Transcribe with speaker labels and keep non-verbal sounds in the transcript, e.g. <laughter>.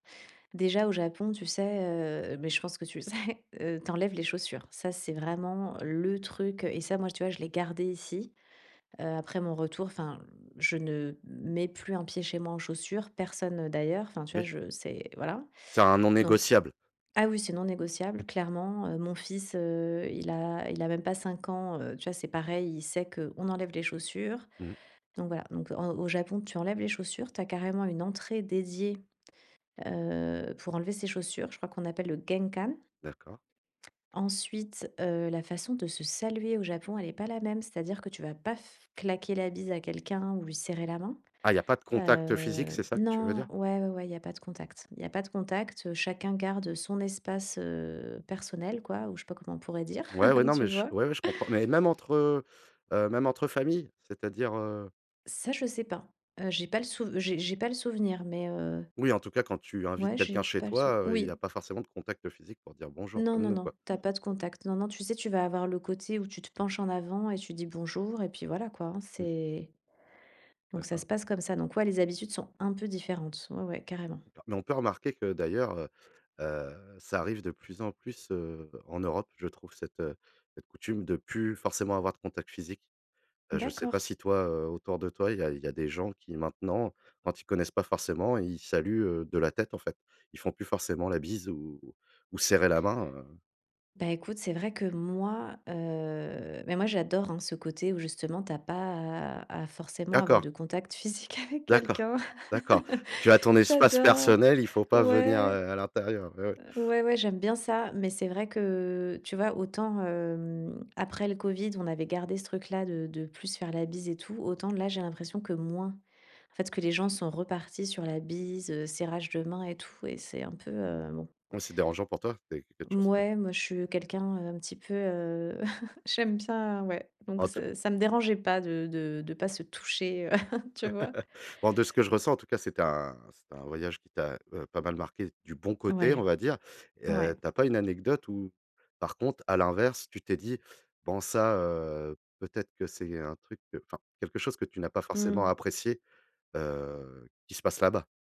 Speaker 1: Déjà au Japon, tu sais, heu, mais je pense que tu le <chuckles> sais, heu, tu enlèves les chaussures. Ça, c'est vraiment le truc. Heu et ça, moi, tu vois, je l'ai gardé ici, heu, après mon retour. Enfin, je ne mets plus un pied chez moi en chaussures, personne, heu, d'ailleurs. Enfin, tu vois,
Speaker 2: Mais
Speaker 1: je c'est voilà.
Speaker 2: C'est un non
Speaker 1: Donc
Speaker 2: négociable.
Speaker 1: ah oui, c'est non négociable, clairement. Heu, mon fils, heu, il a il a même pas 5 ans, heu. Tu vois, c'est pareil. Il sait qu'on enlève les chaussures.
Speaker 2: Mmh.
Speaker 1: Donc voilà, donc en au Japon, tu enlèves les chaussures. Tu as carrément une entrée dédiée, heu, pour enlever ses chaussures. Je crois qu'on appelle le genkan
Speaker 2: D'accord.
Speaker 1: ensuite, heu, la façon de se saluer au Japon, elle est pas la même, c'est-à-dire que tu vas pas f claquer la bise à quelqu'un ou lui serrer la main.
Speaker 2: Ah il y a pas de contact, heu, physique,
Speaker 1: Heu
Speaker 2: c'est ça que tu veux
Speaker 1: non,
Speaker 2: dire?
Speaker 1: ouais, ouais, ouais, il y a pas de contact il y a pas de contact, heu. Chacun garde, heu, son espace, heu, personnel quoi ou je sais pas comment on pourrait dire,
Speaker 2: Ouais, ouais,
Speaker 1: <chuckles>
Speaker 2: non
Speaker 1: tu
Speaker 2: mais je
Speaker 1: vois?
Speaker 2: ouais ouais je comprends, mais même entre, heu heu, même entre famille? C'est-à-dire, heu
Speaker 1: Ça, je sais pas, heu, j'ai pas le souv j'ai j'ai pas le souvenir, mais, heu
Speaker 2: Oui en tout cas quand tu invites
Speaker 1: ouais, j'ai
Speaker 2: quelqu'un chez
Speaker 1: pas le sou
Speaker 2: toi, heu, il y
Speaker 1: oui.
Speaker 2: a pas forcément de contact physique pour dire «bonjour»
Speaker 1: Non,
Speaker 2: comme
Speaker 1: non,
Speaker 2: nous quoi.
Speaker 1: non, tu as pas de contact, non, non, tu sais, tu vas avoir le côté où tu te penches en avant et tu dis «Bonjour» et puis voilà quoi hein,
Speaker 2: Mmh.
Speaker 1: c'est donc ça
Speaker 2: D'accord.
Speaker 1: se passe comme ça. Donc ouais, les habitudes sont un peu différentes. Ouais, ouais, carrément.
Speaker 2: D'accord. Mais on peut remarquer que d'ailleurs, heu, heu, ça arrive de plus en plus, heu, en Europe je trouve cette, heu, cette coutume de plus forcément avoir de contact physique. Heu, je sais pas
Speaker 1: D'accord.
Speaker 2: si toi, heu, autour de toi il y a il y a des gens qui maintenant quand ils connaissent pas forcément ils saluent, heu, de la tête en fait. Ils font plus forcément la bise ou ou serrer la main, heu.
Speaker 1: Bah écoute, c'est vrai que moi, heu, mais moi j'adore hein ce côté où justement tu as pas à à forcément avoir
Speaker 2: D'accord.
Speaker 1: de contact physique avec
Speaker 2: D'accord.
Speaker 1: quelqu'un.
Speaker 2: D'accord,
Speaker 1: <chuckles>
Speaker 2: tu as ton espace
Speaker 1: J'adore.
Speaker 2: personnel, il faut pas venir,
Speaker 1: Ouais.
Speaker 2: heu, à l'intérieur. Ouais, ouais.
Speaker 1: Heu, ouais ouais, j'aime bien ça. Mais c'est vrai que tu vois autant, hem, après le covid, on avait gardé ce truc là de de plus se faire la bise et tout autant là, j'ai l'impression que moins. En fait ce que les gens sont repartis sur la bise, heu, serrage de mains et tout et c'est un peu, heu, bon.
Speaker 2: Mmh. C'est dérangeant pour toi? C'est quelque chose que
Speaker 1: Mouais moi, je suis quelqu'un, heu, un petit peu, heu, <chuckles> j'aime bien, ouais donc
Speaker 2: En tout
Speaker 1: ce ça me dérangeait pas de de de pas se toucher, heu, <chuckles> tu
Speaker 2: <laughs>
Speaker 1: vois?
Speaker 2: Bon de ce que je ressens en tout cas, c'était un c'était un voyage qui t'a, heu, pas mal marquée du bon côté on
Speaker 1: Ouais.
Speaker 2: va dire, et
Speaker 1: Ouais.
Speaker 2: heu, tu as pas une anecdote où par contre à l'inverse tu t'es dit: «Bon ça, heu, peut-être que c'est un truc, heu». Enfin quelque chose que tu n'as pas forcément
Speaker 1: Mmh.
Speaker 2: apprécié, heu, qui se passe là-bas?